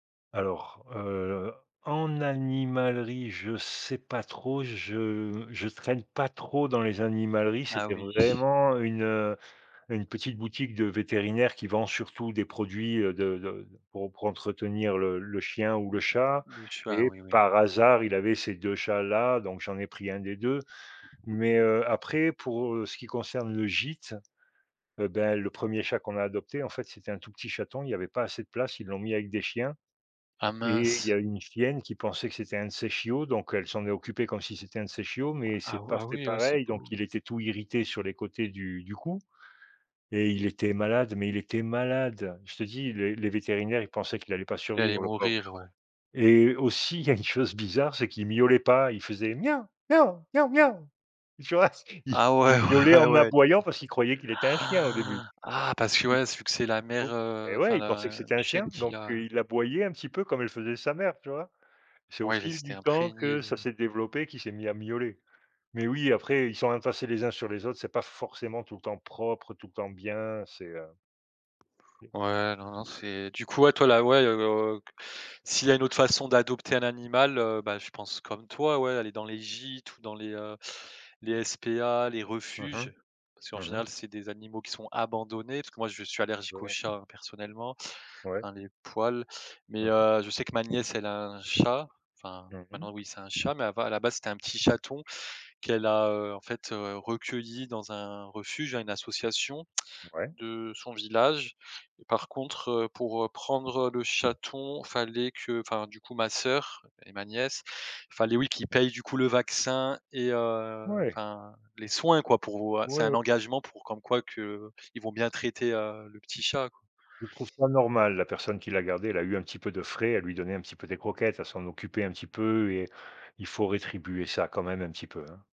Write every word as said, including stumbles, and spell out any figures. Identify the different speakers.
Speaker 1: Alors, heu, en animalerie, je sais pas trop. Je je traîne pas trop dans les animaleries.
Speaker 2: Ah
Speaker 1: C'était
Speaker 2: oui.
Speaker 1: vraiment une, heu, une petite boutique de vétérinaires qui vend surtout des produits, heu, de de, pour pour entretenir le le chien ou
Speaker 2: Mmh
Speaker 1: le chat
Speaker 2: le chat, ah
Speaker 1: et
Speaker 2: oui, oui.
Speaker 1: par hasard, il avait ces deux chats-là, donc j'en ai pris un des deux. Mais heu, après, pour, heu, ce qui concerne le gîte, heu, ben le premier chat qu'on a adopté, en fait, c'était un tout petit chaton. Il y avait pas assez de place, ils l'ont mis avec des chiens
Speaker 2: Ah
Speaker 1: et il
Speaker 2: mince.
Speaker 1: y a une chienne qui pensait que c'était un de ses chiots, donc elle s'en est occupée comme si c'était un de ses chiots, mais c'est
Speaker 2: Ah waouh!
Speaker 1: pas
Speaker 2: Ah
Speaker 1: fait
Speaker 2: oui, ouais c'est
Speaker 1: pareil,
Speaker 2: beau.
Speaker 1: donc il était tout irrité sur les côtés du du cou et il était malade, mais il était malade. Je te dis le les vétérinaires, ils pensaient qu'il allait pas
Speaker 2: Il allait
Speaker 1: survivre le pauvre.
Speaker 2: mourir, ouais.
Speaker 1: Et aussi, il y a une chose bizarre, c'est qu'il miaulait pas, il faisait: «Mia, mia, mia, mia». Tu vois? Il
Speaker 2: Ah ouais,
Speaker 1: miaulait
Speaker 2: ouais, ouais,
Speaker 1: en
Speaker 2: ouais du coup.
Speaker 1: aboyant parce qu'il croyait qu'il était un chien au début.
Speaker 2: Ah parce que
Speaker 1: I
Speaker 2: ouais c vu que c'est la
Speaker 1: pou
Speaker 2: mère,
Speaker 1: et
Speaker 2: heu,
Speaker 1: ouais,
Speaker 2: enfin
Speaker 1: il pensait que
Speaker 2: la
Speaker 1: c'était
Speaker 2: une
Speaker 1: un
Speaker 2: chienne
Speaker 1: chien,
Speaker 2: qui
Speaker 1: donc
Speaker 2: l'a
Speaker 1: heu, il aboyait un petit peu comme elle faisait sa mère, tu vois? C'est au
Speaker 2: Ouais il
Speaker 1: fil
Speaker 2: s'était
Speaker 1: du temps
Speaker 2: imprégné
Speaker 1: que ça
Speaker 2: de
Speaker 1: s'est développé qu'il s'est mis à miauler, mais oui, après, ils sont entassés les uns sur les autres, c'est pas forcément tout le temps propre, tout le temps bien, c'est, heu
Speaker 2: Ouais, non, non c'est du coup toi là ouais, s'il y a une autre façon d'adopter un animal, heu, bah je pense comme toi ouais, aller dans les gîtes ou dans les, heu, les SPA, les
Speaker 1: Mmh mh.
Speaker 2: refuges, parce qu'en
Speaker 1: Mmh
Speaker 2: général
Speaker 1: mh.
Speaker 2: c'est des animaux qui sont abandonnés, parce que moi je suis allergique aux
Speaker 1: Ouais.
Speaker 2: chats personnellement,
Speaker 1: Ouais.
Speaker 2: enfin les poils, mais
Speaker 1: Mmh mh.
Speaker 2: heu, je sais que ma nièce elle a un chat, enfin
Speaker 1: Mmh
Speaker 2: maintenant
Speaker 1: mh.
Speaker 2: oui c'est un chat, mais à la base c'était un petit chaton qu'elle a, heu, en fait, heu, recueilli dans un refuge hein, à une association
Speaker 1: Ouais.
Speaker 2: de son village, par contre, heu, pour, heu, prendre, heu, le chaton, fallait que, enfin du coup ma sœur et ma nièce, fallait oui qu'ils
Speaker 1: Mmh mh.
Speaker 2: payent du coup le vaccin et heu,
Speaker 1: Ouais.
Speaker 2: enfin les soins quoi, pour ou a c'est
Speaker 1: Ouais
Speaker 2: un
Speaker 1: o
Speaker 2: engagement pour comme quoi qu'ils vont bien traiter, heu, le petit chat, quoi.
Speaker 1: Je trouve ça normal, la personne qui l'a gardée, elle a eu un petit peu de frais, elle lui donnait un petit peu des croquettes, elle s'en occupait un petit peu et il faut rétribuer ça quand même un petit peu, hein.